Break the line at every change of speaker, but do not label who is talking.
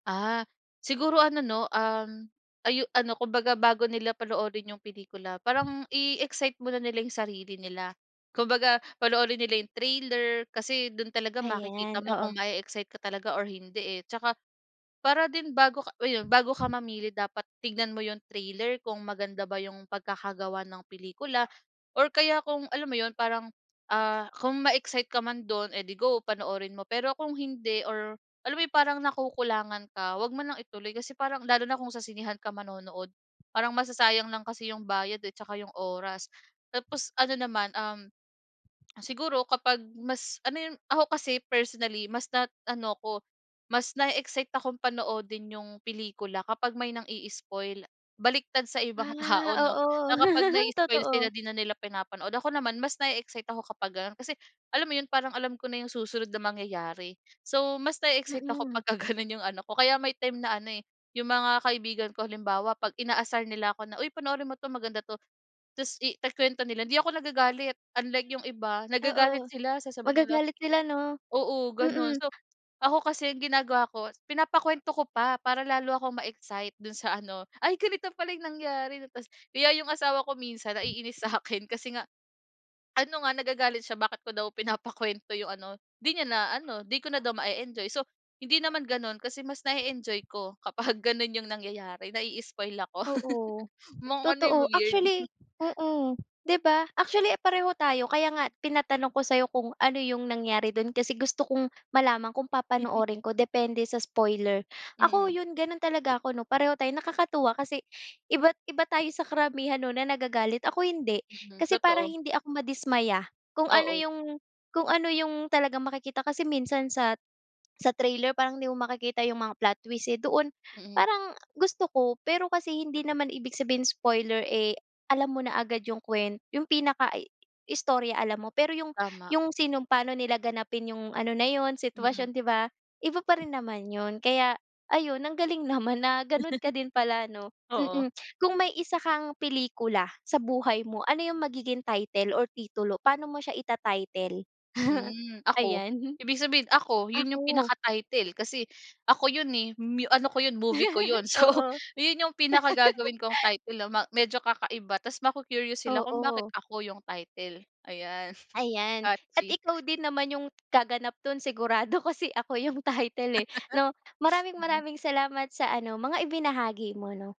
Ah, siguro ano 'no, um, ayu ano, kumbaga bago nila panoorin yung pelikula parang i-excite muna nila yung sarili nila. Kumbaga panoorin nila yung trailer kasi dun talaga makikita
Ayan,
mo
oo.
kung mae-excite ka talaga or hindi, eh. Tsaka para din bago ka ayun bago ka mamili dapat tignan mo yung trailer kung maganda ba yung pagkakagawa ng pelikula or kaya kung alam mo yun, parang, ah, kung ma-excite ka man dun, eh ‘di go, panoorin mo. Pero kung hindi or alam mo yung parang nakukulangan ka, ‘wag mo nang ituloy kasi parang lalo na kung sa sinehan ka manonood, parang masasayang lang kasi yung bayad, eh, tsaka yung oras. Tapos ano naman, um, siguro kapag mas ano yun, ako kasi personally, mas na ano ‘ko, mas nae-excite akong panoodin yung pelikula kapag may nangi-i-spoil. Baliktad sa ibang
Ah,
tao 'no,
oo.
na kapag na-i-spoil
Totoo.
sila, ‘di na nila pinapanood. Ako naman, mas nae-excite ako kapag gano’n kasi alam mo yun, parang alam ko na yung susunod na mangyayari. So mas nae-excite ako
Mm.
pagka gano’n yung ano ko, kaya may time na ano eh, yung mga kaibigan ko halimbawa 'pag inaasar nila ako na, “Uy, panoorin mo 'to. Maganda.” Ta’s iku-kwento nila, hindi ako nagagalit. Unlike yung iba, nagagalit
Oo,
sila. Sasabihin nila
magagalit sila 'no.
oo, ganun.
Mm.
So ako kasi, ang ginagawa ko pinapakwento ko pa para lalo akong ma-excite dun sa ano, “Ay ganito pala yung nangyari 'no.” Ta’s kaya yung asawa ko minsan naiinis sa'kin kasi nga ano nga nagagalit siya, bakit ko daw pinapakwento yung ano, ‘di niya na ano, ‘di ko na daw mae-enjoy. So hindi naman gano'n kasi mas nae-enjoy ko kapag gano'n yung nangyayari, nai-i-spoil ako.
Oo,
Mga ano, yung
totoo.
weird.
Actually, oo 'di ba. Actually, pareho tayo kaya nga tinatanong ko sa’yo kung ano yung nangyari dun kasi gusto kong malaman kung papanoorin ko depende sa spoiler. Ako,
Mm.
yun ganun talaga ako ‘no- pareho tayo- nakakatuwa kasi iba't iba tayo sa karamihan 'no na nagagalit. Ako hindi,
Mm,
kasi para
totoo.
hindi ako madismaya kung ano
Oo.
yung, kung ano yung talagang makikita. Kasi minsan sat sa trailer parang hindi mo makikita yung mga plot twist, eh, doon
Mm.
parang gusto ko. Pero kasi hindi naman ibig sabihin spoiler, eh, alam mo na agad yung kuwen yung pinaka i istorya alam mo pero yung
Tama.
yung sinong paano nila ganapin yung ano na yun
Mm.
sitwasyon 'di ba, iba pa rin naman yun kaya ayun, ang galing naman na ganun ka din pala ‘no.
Oo.
Mm. Kung may isa kang pelikula sa buhay mo, ano yung magiging title or titulo? Pa'no mo siya ita-title?
Hmm. “Ako”-
Ayan.
ibig sabihin ako- yun yung
“Ako.”
pinaka title kasi ako yun eh, myu ano ko yun, movie ko yun. So,
Oo.
ayun yung pinaka gagawin kong title 'no, ma medyo kakaiba ta’s maku-curious sila kung bakit
Oo.
“Ako” yung title, ayan.
Ayan, at
Catchy.
ikaw din naman yung gaganap dun sigurado kasi “Ako” yung title, eh, 'no. Maraming
Mhm.
maraming salamat sa ano, mga ibinahagi mo 'no.